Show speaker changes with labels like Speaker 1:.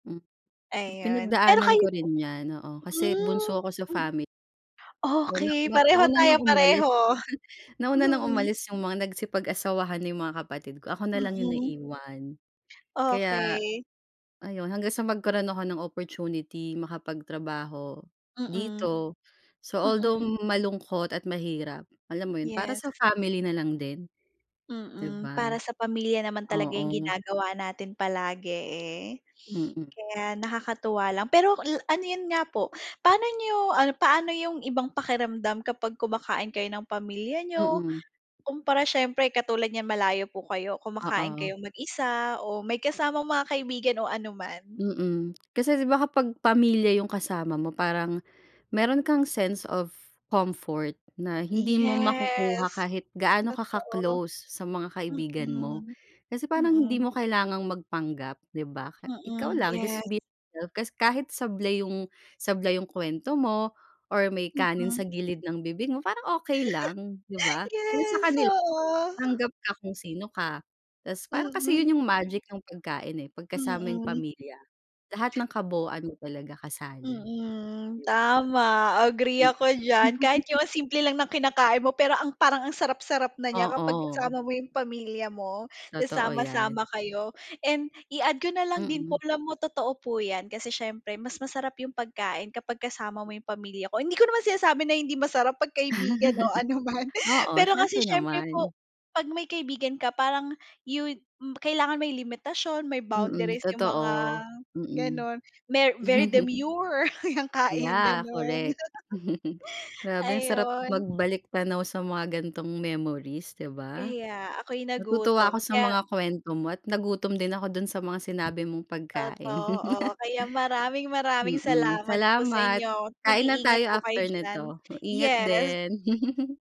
Speaker 1: Hmm.
Speaker 2: Ayun, pero
Speaker 1: Pinagdaanan
Speaker 2: kayo
Speaker 1: ko
Speaker 2: po?
Speaker 1: rin 'yan, oo. Kasi
Speaker 2: Hmm.
Speaker 1: bunso ako sa
Speaker 2: Mm.
Speaker 1: fami O na
Speaker 2: Okey.
Speaker 1: ma
Speaker 2: Pareho
Speaker 1: nauna
Speaker 2: tayo,
Speaker 1: ng umalis.
Speaker 2: pareho.
Speaker 1: Nauna ng
Speaker 2: Mm.
Speaker 1: umalis yung mga nagsipag-asawahan na yung mga kapatid ko, ako nalang yung
Speaker 2: Mm.
Speaker 1: naiwan. Kaya
Speaker 2: Okey.
Speaker 1: ayun, hanggang sa magkaroon ako ng opportunity makapagtrabaho
Speaker 2: Mm.
Speaker 1: dito. So, although
Speaker 2: Mm.
Speaker 1: malungkot at mahirap, alam mo yun, para sa
Speaker 2: Yes.
Speaker 1: family na lang din. Di
Speaker 2: Mm.
Speaker 1: ba?
Speaker 2: Para sa pamilya naman talaga yung
Speaker 1: Oo.
Speaker 2: ginagawa natin palagi, eh.
Speaker 1: Mm.
Speaker 2: Kaya nakakatuwa lang, pero la ano yun nga po, pa'no niyo ano, paano yung ibang pakiramdam kapag kumakain kayo ng pamilya niyo
Speaker 1: Mm.
Speaker 2: kumpara siyempre katulad niyan, malayo po kayo. Kumakain
Speaker 1: Oo.
Speaker 2: kayong mag-isa o may kasamang mga kaibigan o ano man?
Speaker 1: Mm. Kasi di ba kapag pamilya yung kasama mo parang meron kang sense of comfort na hindi mo makukuha
Speaker 2: Yes.
Speaker 1: kahit gaano ka
Speaker 2: Totoo.
Speaker 1: ka-close sa mga kaibigan mo.
Speaker 2: Mm.
Speaker 1: Kasi parang hindi
Speaker 2: Mm.
Speaker 1: mo kailangang magpanggap, di ba? Ka ikaw
Speaker 2: Mm,
Speaker 1: lang, just
Speaker 2: yes.
Speaker 1: be yourself. Kasi kahit sablay yung sablay yung kuwento mo or may kanin
Speaker 2: Mm.
Speaker 1: sa gilid ng bibig mo parang okey lang, di ba? Kasi sa
Speaker 2: Yes,
Speaker 1: kanila,
Speaker 2: oo.
Speaker 1: tanggap ka kung sino ka. Tapos parang kasi
Speaker 2: Mm.
Speaker 1: yun yung magic ng pagkain, eh, 'pag kasama yung
Speaker 2: Mm.
Speaker 1: pamilya lahat ng kabuuan mo talaga kasali. Di
Speaker 2: Mm.
Speaker 1: ba?
Speaker 2: Tama, agree
Speaker 1: Mm.
Speaker 2: ako diyan. Kahit yung ang simple lang ng kinakain mo pero ang parang ang sarap-sarap na niya kapag
Speaker 1: Oo.
Speaker 2: kasama mo yung pamilya mo tapos
Speaker 1: Totoo 'yan.
Speaker 2: sasama-sama kayo. And i-add ko na lang din po,
Speaker 1: Mm.
Speaker 2: alam mo totoo po 'yan kasi siyempre mas masarap yung pagkain kapag kasama mo yung pamilya ko, hindi ko naman sinasabi na hindi masarap 'pag kaibigan o ano man.
Speaker 1: Oo,
Speaker 2: Pero kasi
Speaker 1: siyempre
Speaker 2: siyempre
Speaker 1: naman.
Speaker 2: po, 'pag may kaibigan ka parang yun kailangan may limitasyon, may
Speaker 1: Mm,
Speaker 2: boundaries yung mga
Speaker 1: totoo. Mm.
Speaker 2: gano'n. Mer very demure yung kain,
Speaker 1: Yeah,
Speaker 2: ganun.
Speaker 1: correct. Grabe ang sarap
Speaker 2: Ayun.
Speaker 1: magbalik tanaw sa mga gan'tong memories, di ba?
Speaker 2: Kaya ako'y
Speaker 1: Natutuwa
Speaker 2: nagutom.
Speaker 1: ako sa
Speaker 2: Kaya
Speaker 1: mga kuwento mo at nagutom din ako dun sa mga sinabi mong pagkain.
Speaker 2: Totoo. Kaya maraming-maraming
Speaker 1: Mm.
Speaker 2: salamat po sa
Speaker 1: Salamat.
Speaker 2: inyo.
Speaker 1: Kain na
Speaker 2: Mag-iingat
Speaker 1: tayo
Speaker 2: po kayo
Speaker 1: after
Speaker 2: diyan.
Speaker 1: nito. Ingat
Speaker 2: Yes.
Speaker 1: din.